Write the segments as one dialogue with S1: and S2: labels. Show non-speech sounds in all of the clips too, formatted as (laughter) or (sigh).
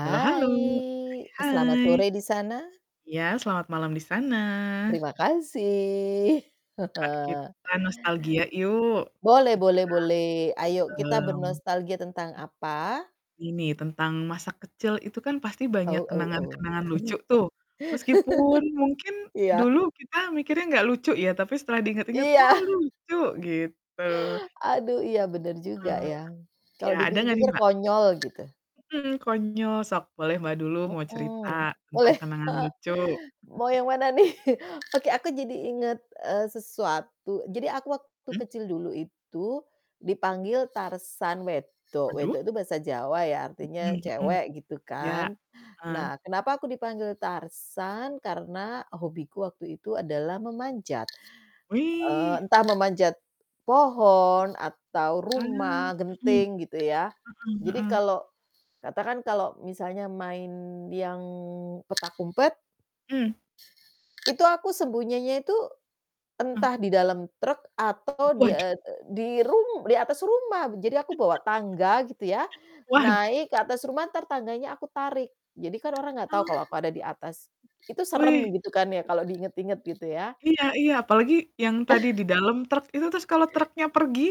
S1: Halo halo.
S2: selamat
S1: Hai.
S2: sore di sana.
S1: Ya, selamat malam di sana.
S2: Terima kasih.
S1: Mbak,
S2: (chuckles)
S1: kita nostalgia yuk.
S2: Boleh
S1: Kita,
S2: boleh boleh, ayo
S1: mmm,
S2: kita
S1: mhm,
S2: bernostalgia tentang apa?
S1: ini, tentang masa kecil itu kan pasti banyak
S2: Oh oh oh.
S1: kenangan-kenangan lucu, tuh. Meskipun mungkin
S2: (laughs) Iya.
S1: dulu kita mikirnya gak lucu, ya. Tapi setelah di inget-inget,
S2: Iya.
S1: "Oh
S2: (chuckles)
S1: lucu," gitu.
S2: Aduh, iya, bener juga
S1: Mmm,
S2: ya,
S1: ya,
S2: kalau
S1: ada nggak nih,
S2: dipikir-pikir
S1: Mbak?
S2: konyol, gitu.
S1: Mhm, konyol, sok boleh Mbak dulu mau cerita
S2: Mhm,
S1: tentang
S2: boleh.
S1: kenangan lucu.
S2: (chuckles) Mau
S1: (chuckles)
S2: yang mana nih? (chuckles) Oke, aku jadi inget, eee, sesuatu, jadi aku waktu
S1: Mmm.
S2: kecil dulu itu dipanggil Tarzan wedok. Wedok
S1: Aduh.
S2: itu bahasa Jawa ya,
S1: Mhm
S2: artinya
S1: mhm,
S2: cewek, gitu
S1: iya,
S2: kan.
S1: heeh.
S2: Nah, kenapa aku dipanggil Tarzan karena hobiku waktu itu adalah memanjat. Eee,
S1: Wih.
S2: entah memanjat pohon atau
S1: Wah,
S2: rumah,
S1: heeh,
S2: genting, gitu ya.
S1: heeh
S2: Jadi
S1: heeh.
S2: kalau katakan kalau misalnya main yang petak umpet
S1: Mmm.
S2: Itu aku sembunyinya itu,
S1: Eh.
S2: entah di dalam truk atau
S1: (chuckles)
S2: di eee,
S1: Waduh.
S2: e di rum di atas rumah, jadi aku bawa
S1: (chuckles)
S2: tangga gitu ya,
S1: Waduh.
S2: naik ke atas rumah, entar tangganya aku tarik. Jadi kan orang nggak tahu
S1: Oh.
S2: kalau aku ada di atas, itu serem
S1: Wih.
S2: gitu kan ya, kalau di inget-inget, gitu ya.
S1: Iya iya, apalagi yang tadi
S2: (chuckles)
S1: di dalam truk itu, terus kalau truknya pergi,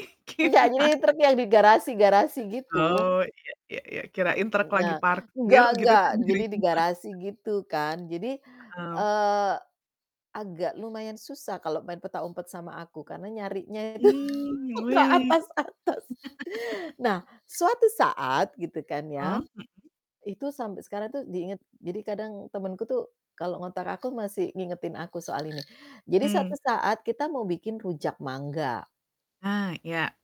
S2: Nggak,
S1: gimana?
S2: jadi truk yang di garasi-garasi gitu.
S1: Oh, iya iya iya. Kirain truk lagi
S2: Nah,
S1: parkir
S2: enggak
S1: gitu,
S2: enggak,
S1: terus
S2: jadi
S1: dijadiin
S2: di garasi
S1: mainan.
S2: gitu kan, jadi,
S1: Heeh.
S2: eee, agak lumayan susah kalau main petak umpet sama aku, karena nyarinya itu
S1: Mmm,
S2: (laughs) ke
S1: wih. (laughs)
S2: atas-atas. Nah, suatu saat, gitu kan
S1: Ah,
S2: ya,
S1: mhm.
S2: itu sampai sekarang tuh diinget, jadi kadang temenku tuh kalau ngontak aku masih ngingetin aku soal ini, jadi
S1: Mmm.
S2: suatu saat kita mau bikin rujak mangga.
S1: Ah, iya.